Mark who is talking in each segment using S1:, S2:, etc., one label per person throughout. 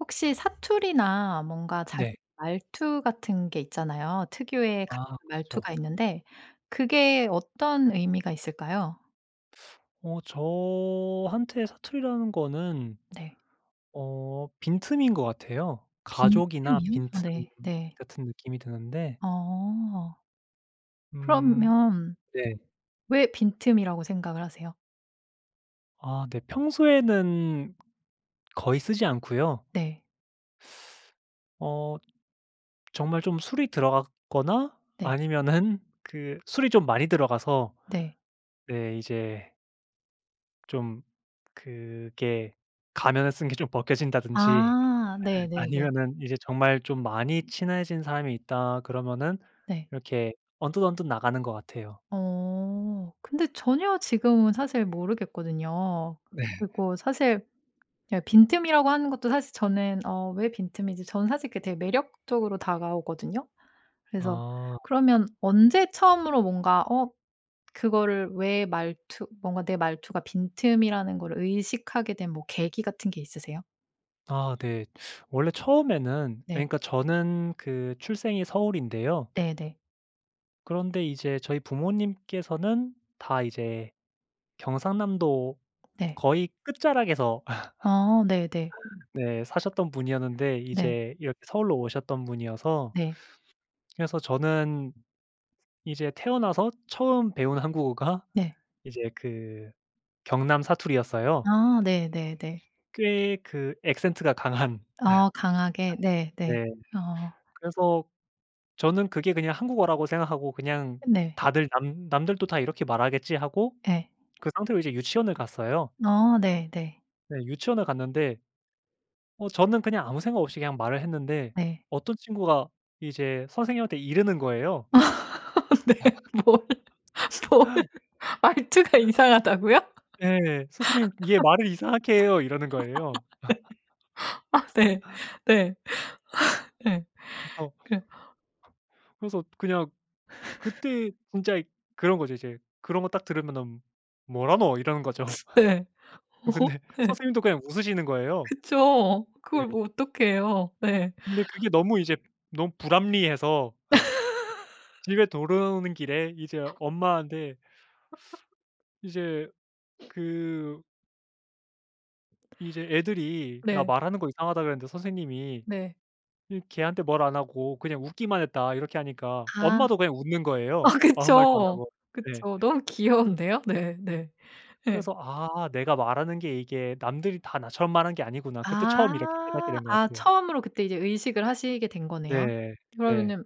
S1: 혹시 사투리나 뭔가
S2: 네.
S1: 자기 말투 같은 게 있잖아요. 특유의 [unintelligible]
S2: 아.
S1: 말투가
S2: 그렇죠.
S1: 있는데 그게 어떤 의미가 있을까요?
S2: 어. 저한테 사투리라는 거는.
S1: 네.
S2: 어 빈틈인 것 같아요. 가족이나
S1: 빈틈이요? 아.
S2: 빈틈
S1: 네. 네.
S2: 같은 느낌이 드는데
S1: 어.
S2: 음.
S1: 그러면
S2: 네.
S1: 왜 빈틈이라고 생각을 하세요?
S2: 아. 네. 평소에는 거의 쓰지 않고요.
S1: 네.
S2: 어. 정말 좀 술이 들어갔거나
S1: 네.
S2: 아니면은 그 술이 좀 많이 들어가서.
S1: 네.
S2: 네. 이제. 좀 그게 가면을 쓴 게 좀 벗겨진다든지
S1: 아. 네네네.
S2: 아니면은 이제 정말 좀 많이 친해진 사람이 있다 그러면은
S1: 네.
S2: 이렇게 언뜻언뜻 나가는 것 같아요.
S1: 어. 근데 전혀 지금은 사실 모르겠거든요.
S2: 네.
S1: 그리고 사실 이 빈틈이라고 하는 것도 사실 저는 "어 왜 빈틈이지?" 저는 사실 그게 매력적으로 다가오거든요. 그래서
S2: 아.
S1: 그러면 언제 처음으로 뭔가 어 그거를 왜 말투 뭔가 내 말투가 빈틈이라는 걸 의식하게 된 뭐 계기 같은 게 있으세요?
S2: 아. 네. 원래 처음에는
S1: 네.
S2: 그러니까 저는 그 출생이 서울인데요.
S1: 네네.
S2: 그런데 이제 저희 부모님께서는 다 이제 경상남도
S1: 네.
S2: 거의 끝자락에서.
S1: 어. 네네.
S2: 네. 사셨던 분이었는데
S1: 네.
S2: 이제 이렇게 서울로 오셨던 분이어서
S1: 네.
S2: 그래서 저는 이제 태어나서 처음 배운 한국어가
S1: 네.
S2: 이제 그 경남 사투리였어요.
S1: 아. 네네네.
S2: 꽤 그 악센트가 강한.
S1: 아. 강하게? 네네.
S2: 네.
S1: 어.
S2: 그래서 저는 그게 그냥 한국어라고 생각하고 그냥
S1: 네.
S2: 다들 "남 남들도 다 이렇게 말하겠지." 하고
S1: 네.
S2: 그 상태로 이제 유치원을 갔어요.
S1: 어. 네. 네.
S2: 네. 유치원을 갔는데 어 저는 그냥 아무 생각 없이 그냥 말을 했는데
S1: 네.
S2: 어떤 친구가 이제 선생님한테 이르는 거예요.
S1: 아. 네. 뭘? 뭘? 말투가 이상하다고요?
S2: 예. "선생님 얘 말을 이상하게 해요." 이러는 거예요.
S1: 네. 아. 네. 네. 네.
S2: 허 그래서
S1: 그래.
S2: 그래서 그냥 그때 진짜 이 그런 거죠 이제. 그런 거 딱 들으면은 "뭐라노?" 이러는 거죠.
S1: 네. 오호.
S2: 근데
S1: 네.
S2: 선생님도 그냥 웃으시는 거예요.
S1: 그쵸.
S2: 네.
S1: 그걸 뭐 어떡해요. 네.
S2: 근데 그게 너무 이제 너무 불합리해서 집에 돌아오는 길에 이제 엄마한테 이제 그 이제 "애들이 나
S1: 네.
S2: 말하는 거 이상하다 그랬는데 선생님이
S1: 네.
S2: 이 걔한테 뭐라 안 하고 그냥 웃기만 했다." 이렇게 하니까
S1: 아.
S2: 엄마도 그냥 웃는
S1: 어.
S2: 거예요. 아무 말도
S1: 그쵸.
S2: 안하고. 네.
S1: 그쵸. 너무 귀여운데요. 네네. 예.
S2: 그래서 "아 내가 말하는 게 이게 남들이 다 나처럼 말하는 게 아니구나." 그때 처음 이렇게 깨닫게
S1: 아.
S2: 된 것
S1: 아.
S2: 같아요.
S1: 처음으로 그때 이제 의식을 하시게 된 거네요?
S2: 네. 네.
S1: 그러면은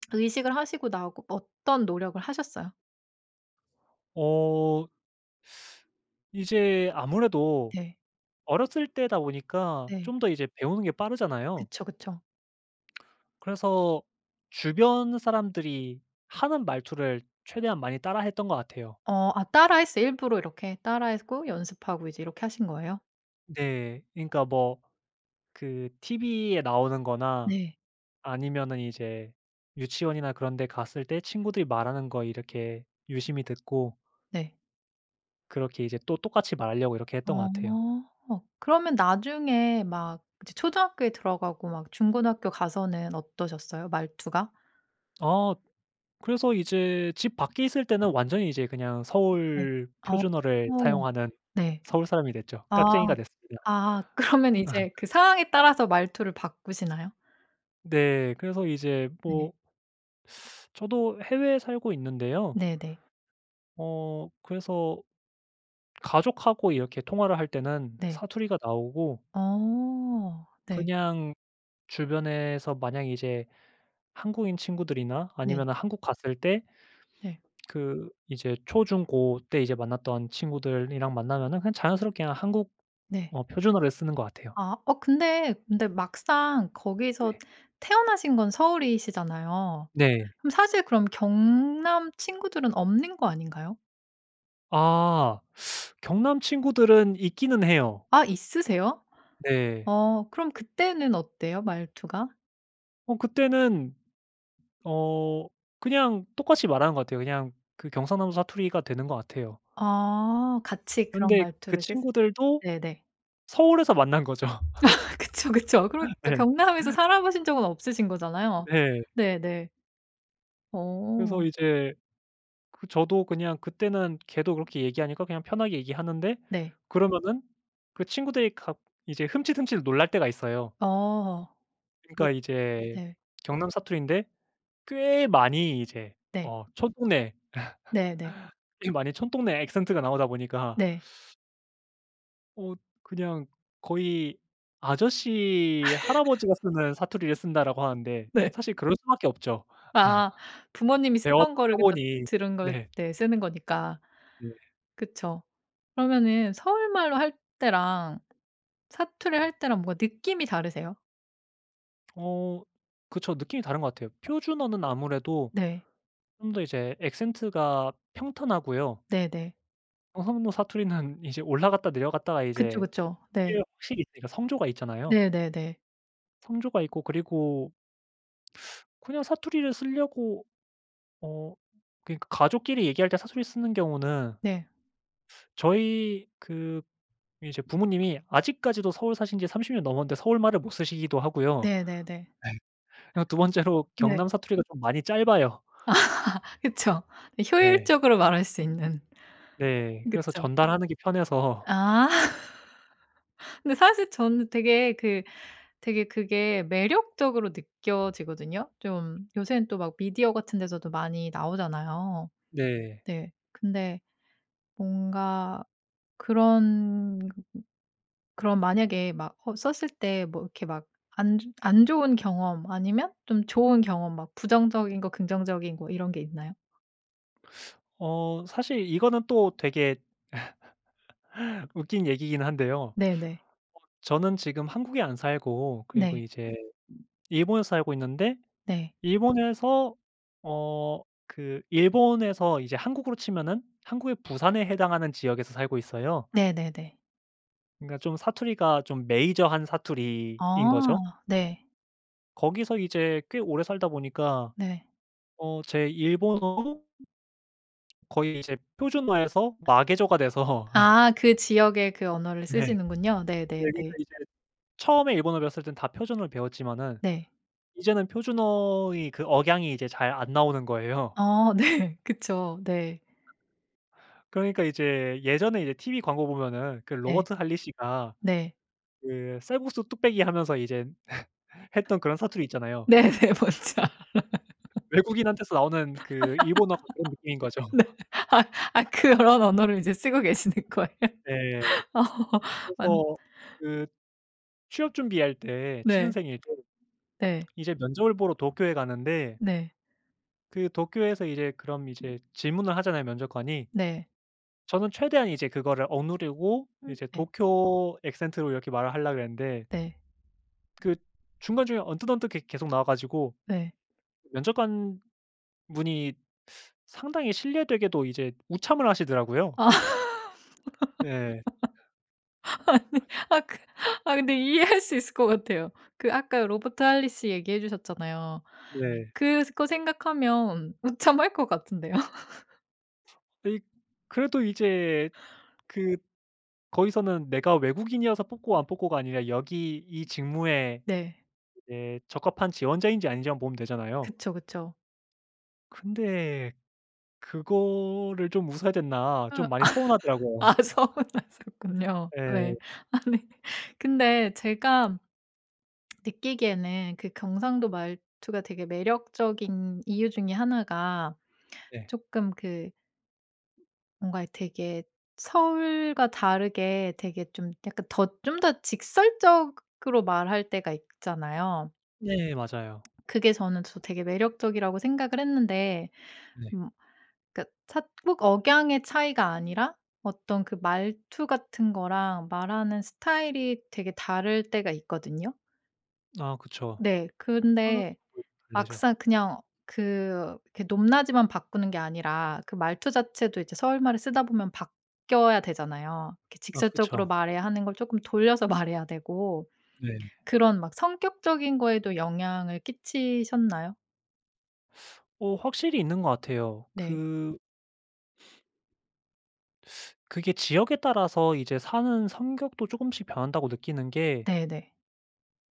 S1: 의식을 하시고 나고 어떤 노력을 하셨어요?
S2: 어. 이제 아무래도
S1: 네.
S2: 어렸을 때다 보니까
S1: 네.
S2: 좀 더 이제 배우는 게 빠르잖아요.
S1: 그쵸, 그쵸.
S2: 그래서 주변 사람들이 하는 말투를 최대한 많이 따라했던 것 같아요.
S1: 어. 아. 따라했어요 일부러 이렇게? 따라했고 연습하고 이제 이렇게 하신 거예요?
S2: 네. 그러니까 뭐 그 TV에 나오는 거나
S1: 네.
S2: 아니면은 이제 유치원이나 그런 데 갔을 때 친구들이 말하는 거 이렇게 유심히 듣고
S1: 네.
S2: 그렇게 이제 또 똑같이 말하려고 이렇게 했던 것 같아요.
S1: 어. 그러면 나중에 막 이제 초등학교에 들어가고 막 중고등학교 가서는 어떠셨어요 말투가?
S2: 아. 그래서 이제 집 밖에 있을 때는 완전히 이제 그냥
S1: 네.
S2: 서울
S1: 아.
S2: 표준어를 사용하는
S1: 네.
S2: 서울 사람이 됐죠.
S1: 아.
S2: 깍쟁이가 됐습니다.
S1: 아. 그러면 이제 그 상황에 따라서 말투를 바꾸시나요?
S2: 네. 그래서 이제
S1: 네.
S2: 뭐 저도 해외에 살고 있는데요.
S1: 네네.
S2: 어. 그래서 가족하고 이렇게 통화를 할 때는
S1: 네.
S2: 사투리가 나오고
S1: 오. 네.
S2: 그냥 주변에서 만약 이제 한국인 친구들이나
S1: 네.
S2: 아니면은 한국 갔을 때
S1: 네.
S2: 그 이제 초, 중, 고 때 이제 만났던 친구들이랑 만나면은 그냥 자연스럽게 한국어
S1: 네.
S2: 표준어를 쓰는 것 같아요.
S1: 아. 어 근데, 근데 막상 거기서
S2: 네.
S1: 태어나신 건 서울이시잖아요.
S2: 네.
S1: 그럼 사실 그럼 경남 친구들은 없는 거 아닌가요?
S2: 아. 경남 친구들은 있기는 해요.
S1: 아. 있으세요?
S2: 네.
S1: 어. 그럼 그때는 어때요 말투가?
S2: 어. 그때는. 어 그냥 똑같이 말하는 것 같아요. 그냥 그 경상남도 사투리가 되는 것 같아요.
S1: 아. 같이 그런
S2: 그런데 그
S1: 말투를 쓰
S2: 친구들도
S1: 네네.
S2: 서울에서 만난 거죠.
S1: 그쵸, 그쵸. 그러니까
S2: 네.
S1: 경남에서 살아 보신 적은 없으신 거잖아요.
S2: 네.
S1: 네네.
S2: 그래서
S1: 오.
S2: 이제 그 저도 그냥 그때는 걔도 그렇게 얘기하니까 그냥 편하게 얘기하는데
S1: 네.
S2: 그러면은 그 친구들이 가 이제 흠칫흠칫 놀랄 때가 있어요.
S1: 오. 왜
S2: 그러니까 이제
S1: 네.
S2: 경남 사투리인데 꽤 많이 이제
S1: 네.
S2: 어 촌동네
S1: 네네.
S2: 좀 많이 촌동네 악센트 가 나오다 보니까
S1: 네.
S2: 어. 그냥 거의 "아저씨, 할아버지가 쓰는 사투리를 쓴다."라고 하는데
S1: 네.
S2: 사실 그럴 수밖에 없죠.
S1: 아. 부모님이 쓰던
S2: 배워왔던
S1: 걸 그러니까
S2: 표본이
S1: 들은 걸
S2: 네.
S1: 네. 쓰는 거니까.
S2: 네.
S1: 그쵸. 그러면은 서울말로 할 때랑 사투리 할 때랑 뭔가 느낌이 다르세요?
S2: 어. 그쵸. 느낌이 다른 것 같아요. 표준어는 아무래도
S1: 네.
S2: 좀 더 이제 악센트가 평탄하고요.
S1: 네네.
S2: 경상도 사투리는 이제 올라갔다 내려갔다가
S1: 그쵸.
S2: 이제
S1: 그쵸. 네.
S2: 이게 확실히 있으니까 성조가 있잖아요.
S1: 네네네.
S2: 성조가 있고 그리고 그냥 사투리를 쓰려고 어 그러니까 가족끼리 얘기할 때 사투리를 쓰는 경우는
S1: 네.
S2: 저희 그 이제 부모님이 아직까지도 서울 사신지 30 년 넘었는데 서울말을 못 쓰시기도 하고요.
S1: 네네네.
S2: 네. 그리고 2 번째로
S1: 네.
S2: 경남 사투리가 좀 많이 짧아요.
S1: 그쵸.
S2: 네.
S1: 효율적으로 말할 수 있는.
S2: 네. 그래서
S1: 그쵸.
S2: 전달하는 게 편해서
S1: 아. 근데 사실 저는 되게 그 되게 그게 매력적으로 느껴지거든요. 좀 요새는 또 막 미디어 같은 데서도 많이 나오잖아요.
S2: 네.
S1: 네. 근데 뭔가 그런 그럼 만약에 막 허 썼을 때 이렇게 막 안 즈 안 좋은 경험 아니면 좀 좋은 경험 막 부정적인 것 긍정적인 것 이런 게 있나요?
S2: 어. 사실 이거는 또 되게 웃긴 얘기이긴 한데요. 어
S1: 네네.
S2: 저는 지금 한국에 안 살고 그리고
S1: 네.
S2: 이제 일본에서 살고 있는데
S1: 네.
S2: 일본에서 어 그 일본에서 이제 한국으로 치면은 한국의 부산에 해당하는 지역에서 살고 있어요.
S1: 네네네.
S2: 그러니까 좀 사투리가 좀 메이저한
S1: 아.
S2: 사투리인거죠.
S1: 네.
S2: 거기서 이제 꽤 오래 살다 보니까
S1: 네.
S2: 어 제 일본어도 거의 이제 표준어에서 마개조가 돼서.
S1: 아. 그 지역의 그 언어를
S2: 네. 네.
S1: 쓰시는군요. 네네네.
S2: 그러니까 이제 처음에 일본어를 배웠을 땐 다 표준어로 배웠지만은
S1: 네.
S2: 이제는 표준어의 그 억양이 이제 잘 안 나오는 거예요.
S1: 어. 네. 그쵸. 네.
S2: 그러니까 이제 예전에 이제 TV 광고 보면은 그
S1: 네.
S2: Robert Holley씨가
S1: 네.
S2: 그 쌀국수 뚝배기 하면서 이제 했던 그런 사투리 있잖아요.
S1: 네네. 뭔지 알아요.
S2: 외국인한테서 나오는 그 일본어 같은 느낌인 거죠.
S1: 네. 아 아. 그런 언어를 이제 쓰고 계시는 거예요?
S2: 네.
S1: 오. 완
S2: 그래서 그 취업 준비할 때
S1: 네.
S2: 취준생일 때
S1: 네.
S2: 이제 면접을 보러 도쿄에 가는데
S1: 네.
S2: 그 도쿄에서 이제 그럼 이제 질문을 하잖아요 면접관이.
S1: 네.
S2: 저는 최대한 이제 그거를 억누르고
S1: 음.
S2: 이제
S1: 네.
S2: 도쿄 악센트로 이렇게 말을 하려고 그랬는데
S1: 네.
S2: 그 중간 중간에 언뜻언뜻 계 계속 나와 가지고
S1: 네.
S2: 면접관분이 상당히 실례되게도 이제 웃참을 하시더라고요.
S1: 아.
S2: 네.
S1: 아니 아까. 아 근데 이해할 수 있을 것 같아요. 그 아까 Robert Holley씨 얘기해 주셨잖아요.
S2: 네.
S1: 그거 생각하면 웃참할 것 같은데요.
S2: 아이. 그래도 이제 그 거기서는 내가 외국인이어서 뽑고 안 뽑고가 아니라 여기 이 직무에
S1: 네.
S2: 이제 적합한 지원자인지 아닌지만 보면 되잖아요.
S1: 그쵸, 그쵸.
S2: 근데 그거를 좀 웃어야
S1: 어.
S2: 됐나 좀 많이
S1: 아.
S2: 서운하더라고요.
S1: 서운하셨군요.
S2: 네.
S1: 네. 아니. 근데 제가 느끼기에는 그 경상도 말투가 되게 매력적인 이유 중에 1 가
S2: 네.
S1: 조금 그 뭔가 되게 서울과 다르게 되게 좀 약간 더 좀 더 직설적으로 말할 때가 있잖아요.
S2: 네. 맞아요.
S1: 그게 저는 저 되게 매력적이라고 생각을 했는데.
S2: 네.
S1: 음. 그러니까 차 꼭 억양의 차이가 아니라 어떤 그 말투 같은 거랑 말하는 스타일이 되게 다를 때가 있거든요?
S2: 아 그쵸.
S1: 네. 근데
S2: [unintelligible] 달래죠.
S1: 막상 그냥 그, 그 높낮이만 바꾸는 게 아니라 그 말투 자체도 이제 서울말을 쓰다 보면 바뀌어야 되잖아요. 이렇게
S2: 아
S1: 직접적으로
S2: 그쵸.
S1: 말해야 하는 걸 조금 돌려서 말해야 되고
S2: 네.
S1: 그런 막 성격적인 거에도 영향을 끼치셨나요?
S2: 어 확실히 있는 것 같아요.
S1: 네.
S2: 그 그게 지역에 따라서 이제 사는 성격도 조금씩 변한다고 느끼는 게
S1: 네네.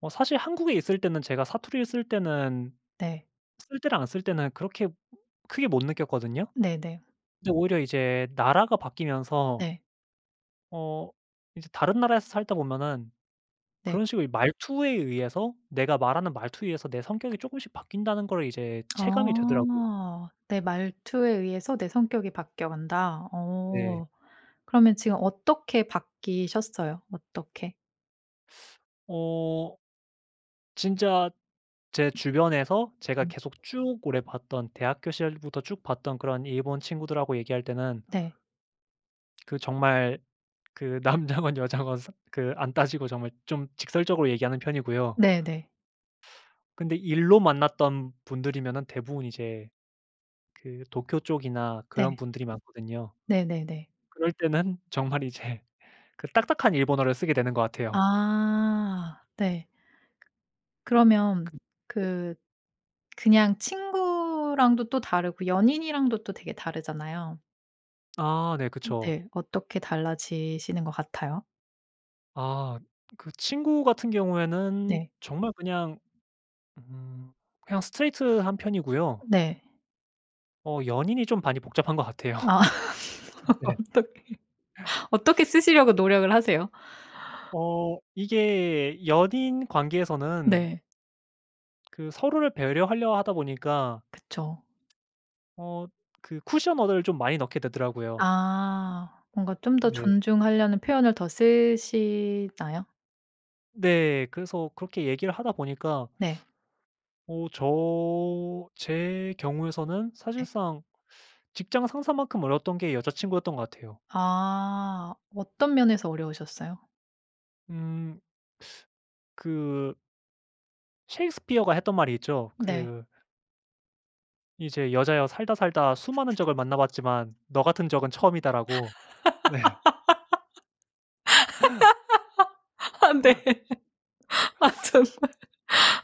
S2: 어 사실 한국에 있을 때는 제가 사투리를 쓸 때는
S1: 네.
S2: 쓸 때나 안 쓸 때나 그렇게 크게 못 느꼈거든요.
S1: 네네.
S2: 근데 오히려 이제 나라가 바뀌면서
S1: 네.
S2: 어 이제 다른 나라에서 살다 보면은
S1: 네.
S2: 그런 식으로 이 말투에 의해서, 내가 말하는 말투에 의해서 내 성격이 조금씩 바뀐다는 걸 이제 체감이 되더라고요.
S1: 어. 내 말투에 의해서 내 성격이 바뀌어 간다.
S2: 네.
S1: 어 그러면 지금 어떻게 바뀌셨어요? 어떻게?
S2: 어 진짜 제 주변에서 제가
S1: 네.
S2: 계속 쭉 오래 봤던 대학교 시절부터 쭉 봤던 그런 일본 친구들하고 얘기할 때는
S1: 네.
S2: 그 정말 그 남자건 여자건 스 그 안 따지고 정말 좀 직설적으로 얘기하는 편이고요.
S1: 네네.
S2: 근데 일로 만났던 분들이면은 대부분 이제 그 도쿄 쪽이나
S1: 네.
S2: 그런 분들이 많거든요.
S1: 네네네.
S2: 그럴 때는 정말 이제 그 딱딱한 일본어를 쓰게 되는 것 같아요.
S1: 아 네. 그러면
S2: 그 네.
S1: 그 그냥 친구랑도 또 다르고 연인이랑도 또 되게 다르잖아요.
S2: 아 네. 그쵸.
S1: 네. 어떻게 달라지시는 것 같아요?
S2: 아 그 친구 같은 경우에는
S1: 네.
S2: 정말 그냥 음 그냥 스트레이트 한 편이고요.
S1: 네.
S2: 어 연인이 좀 많이 복잡한 것 같아요.
S1: 아
S2: 네.
S1: 어떻게 어떻게 쓰시려고 노력을 하세요?
S2: 어 이게 연인 관계에서는
S1: 네.
S2: 그 서로를 배려하려 하다 보니까
S1: 그쵸.
S2: 어 그 쿠션 언어를 좀 많이 넣게 되더라고요.
S1: 아 뭔가 좀 더
S2: 네.
S1: 존중하려는 표현을 더 쓰시나요?
S2: 네. 그래서 그렇게 얘기를 하다 보니까
S1: 네.
S2: 어 저 제 경우에서는
S1: 네.
S2: 사실상 직장 상사만큼 어려웠던 게 여자친구였던 것 같아요.
S1: 아 어떤 면에서 어려우셨어요?
S2: 음 그 셰익스피어가 했던 말이 있죠.
S1: 네.
S2: 그 이제 "여자여 살다 살다 수많은 적을 만나봤지만 너 같은 적은 처음이다."라고 네.
S1: 아 네. 아 정말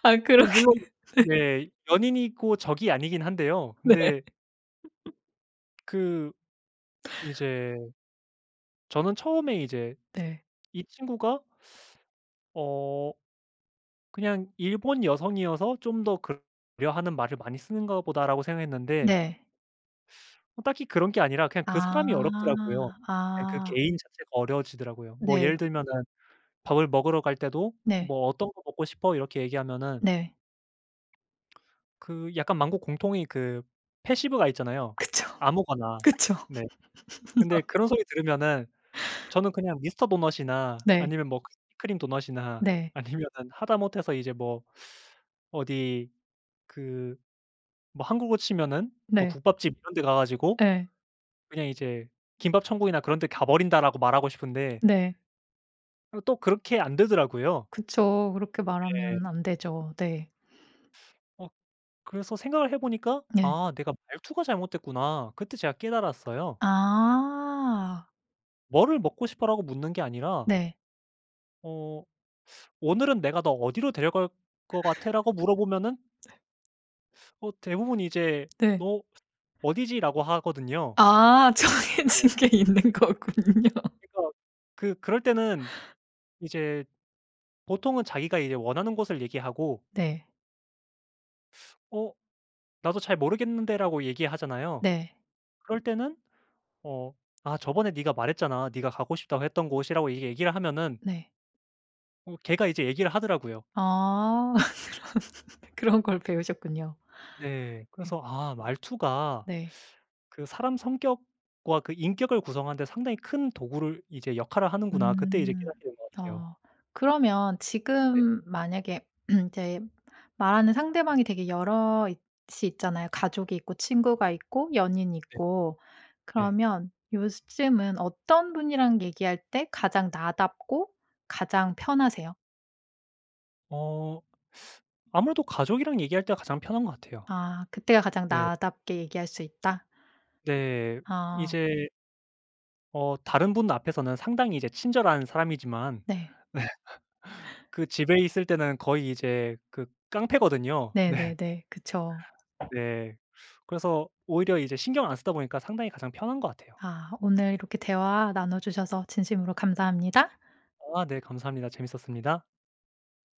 S1: 아
S2: 어
S1: 그렇게
S2: 물론
S1: 네.
S2: 네 연인이고 적이 아니긴 한데요.
S1: 네.
S2: 근데 그 이제 저는 처음에 이제
S1: 네.
S2: 이 친구가 어 그냥 '일본 여성이어서 좀 더 그러 [unintelligible] 하는 말을 많이 쓰는가 보다.'라고 생각했는데
S1: 네.
S2: 어 딱히 그런 게 아니라 그냥 그 사람이
S1: 아.
S2: 어렵더라고요. 그냥 그
S1: 아.
S2: 개인 자체가 어려워지더라고요. 뭐
S1: 네.
S2: 예를 들면은 밥을 먹으러 갈 때도
S1: 네.
S2: "뭐 어떤 거 먹고 싶어?" 이렇게 얘기하면은
S1: 네.
S2: 그 약간 만국 공통의 그 패시브가 있잖아요.
S1: 그쵸.
S2: "아무거나."
S1: 그쵸.
S2: 네. 근데 그런 소리 들으면은 저는 그냥 미스터 도넛이나
S1: 네.
S2: 아니면 뭐 크 크림 도넛이나
S1: 네.
S2: 아니면은 하다못해서 이제 뭐 어디 그 뭐 한국으로 치면은 뭐
S1: 네.
S2: 국밥집 이런 데 가 가지고
S1: 예.
S2: 그냥 이제 "김밥천국이나 그런 데 가버린다."라고 말하고 싶은데
S1: 네.
S2: 어 또 그렇게 안 되더라고요.
S1: 그쵸. 그렇게
S2: 네.
S1: 말하면 안 되죠. 네.
S2: 어 그래서 생각을 해보니까
S1: 네.
S2: '아 내가 말투가 잘못됐구나.' 그때 제가 깨달았어요.
S1: 아.
S2: "뭐를 먹고 싶어?" 라고 묻는 게 아니라
S1: 네.
S2: 어 "오늘은 내가 너 어디로 데려갈 것 같아?"라고 물어보면은
S1: 네.
S2: 어 대부분 이제
S1: 네.
S2: "너 어디지."라고 하거든요.
S1: 아
S2: 네.
S1: 정해진 게 있는 거군요.
S2: 그니까 그 그럴 때는 이제 보통은 자기가 이제 원하는 곳을 얘기하고
S1: 네.
S2: 어 "나도 잘 모르겠는데."라고 얘기하잖아요.
S1: 네.
S2: 그럴 때는 어 "아 저번에 네가 말했잖아 네가 가고 싶다고 했던 곳."이라고 이렇게 얘기를 하면은
S1: 네.
S2: 어 걔가 이제 얘기를 하더라고요.
S1: 아 그런 그런 걸 배우셨군요.
S2: 네.
S1: 예.
S2: 그래서 '아 말투가
S1: 네.
S2: 그 사람 성격과 그 인격을 구성하는데 상당히 큰 도구를 이제 역할을 하는구나.' 그때 이제
S1: 음.
S2: 깨닫게 된 것 같아요.
S1: 어 그러면
S2: 네.
S1: 지금 만약에 이제 말하는 상대방이 대개 여럿이 있잖아요. 가족이 있고 친구가 있고 연인이
S2: 네.
S1: 있고.
S2: 네.
S1: 그러면 요즘은 어떤 분이랑 얘기할 때 가장 나답고 가장 편하세요?
S2: 어 아무래도 가족이랑 얘기할 때가 가장 편한 것 같아요.
S1: 아 그때가 가장
S2: 네.
S1: 나답게 얘기할 수 있다?
S2: 네.
S1: 아.
S2: 이제 어 다른 분 앞에서는 상당히 이제 친절한 사람이지만
S1: 네.
S2: 그 집에 있을 때는 거의 이제 그 깡패거든요. 네.
S1: 네네네. 그쵸.
S2: 네. 그래서 오히려 이제 신경 안 쓰다 보니까 상당히 가장 편한 것 같아요.
S1: 아 오늘 이렇게 대화 나눠 주셔서 진심으로 감사합니다.
S2: 아 네. 감사합니다. 재밌었습니다.